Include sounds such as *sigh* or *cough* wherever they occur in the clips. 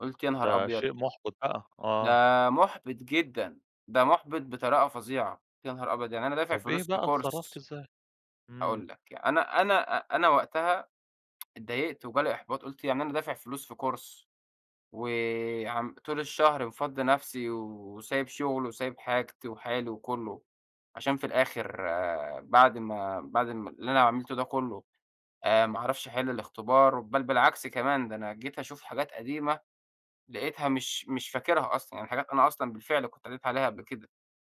قُلت: "يا نهار ده أبيض!". شيء مُحبِط بقى، ده آه. مُحبِط جدًا، ده مُحبِط بطريقة فظيعة. يا نهار أبيض! يعني أنا دافع طَب إيه فلوس في بقى اتصرّفت course إزاي؟ إمم. هاقول لك ي أنا أنا أنا وقتها *tsk* اتضايقت وجا لي إحباط. قُلت يعني أنا دافع فلوس في course، وعم طول الشهر مفضّي نَفسي، وسايب شغلي، وسايب حاجتي وحالي وكلّه، عشان في الآخر بعد ما بعد ال اللي أنا عَملته ده كلّه، آآ، ما أعرفش أحل الاختبار. بل بالعكس كمان، ده أنا جيت أشوف حاجات قديمة لقيتها مش مش فاكرها أصلًا. يعني حاجات أنا أصلًا بالفعل كنت قريت عليها قبل كده.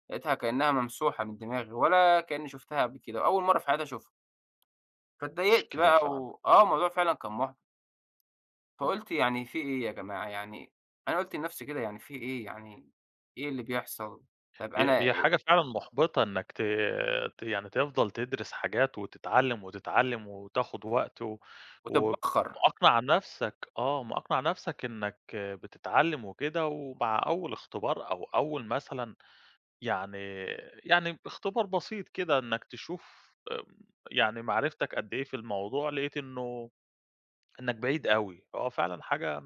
لقيتها كأنها ممسوحة من دماغي، ولا كأني شُفتها قبل كده، وأول مَرّة في حياتي أشوفها. فاتضايقت مشكلة بقى فعلًا. و آه الموضوع فعلًا كان مُحبِط. امم. فقُلت يعني في إيه يا جماعة؟ يعني، أنا قُلت لنَفسي كده يعني في إيه؟ يعني، إيه اللي بيحصل؟ طَب هي أنا هي إي حاجة فعلًا مُحبِطة إنك ت ت يعني تفضل تدرس حاجات وتتعلم، وتتعلم، وتاخد وقت و وتتبخر. ومأقنَع نَفسك، آه، مأقنَع نَفسك إنك بتتعلم وكده، ومع أول اختبار أو أول مثلًا يعني يعني اختبار بسيط كده إنك تشوف، آمم، يعني معرفتك قدّ إيه في الموضوع، لقيت إنه إنك بعيد أوي. هو فعلًا حاجة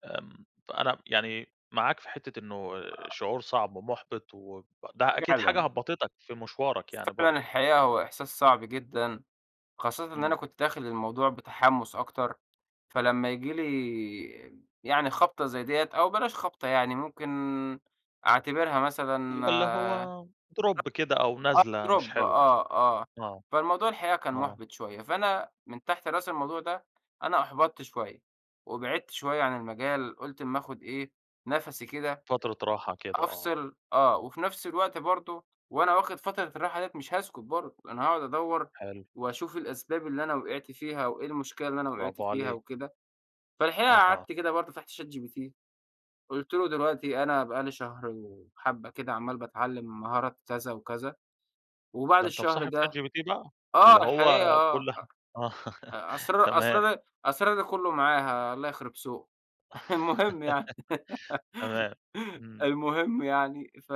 *tsk* آمم، فأنا يعني معاك في حتّة إنه شعور صعب ومُحبِط، وب ده أكيد حاجة فعلًا. هبّطتك في مشوارك يعني فعلًا برضو. الحقيقة هو إحساس صعب جدًا، خاصةً إن أنا امم. كنت داخل الموضوع بتحمُّس أكتر. فلما ييجي لي يعني خَبطة زي دية أو بلاش خَبطة يعني، ممكن أعتبرها مثلًا اللي هو drop كده أو *unintelligible* آه نزلة مش drop حلوة يعني. آه، آه. آه. فالموضوع الحقيقة كان آه. مُحبِط شوية. فأنا من تحت راس الموضوع ده، أنا أُحبطت شوية، وبعدت شوية عن المجال. قُلت اما آخد إيه، نَفَسي كده، فترة راحة كده، آه. أفصل، آه، وفي نَفس الوقت برضو وأنا واخد فترة الراحة دية مش هاسكت برضو، أنا هاقعد أدوّر، حلو. وأشوف الأسباب اللي أنا وقعت فيها، وإيه المشكلة اللي أنا وقعت براڤو فيها عليك. وكده. فالحقيقة أها. قعدت كده برضو فتحت ChatGPT. قُلت له: "دلوقتي أنا بقى لي شهرين وحبة كده عمال باتعلم مهارات كذا وكذا. وبعد ده أنت الشهر مصاحب ده"، ChatGPT بقى؟ آه، اللي هو الحقيقة آه، كل ح آه، *laughs* أ أسرار تمام. أسرارى أسرارى كلّه معاها، الله يخرب سوقه. المهم يعني. *laughs* *laughs* تمام. امم. المهم يعني، ف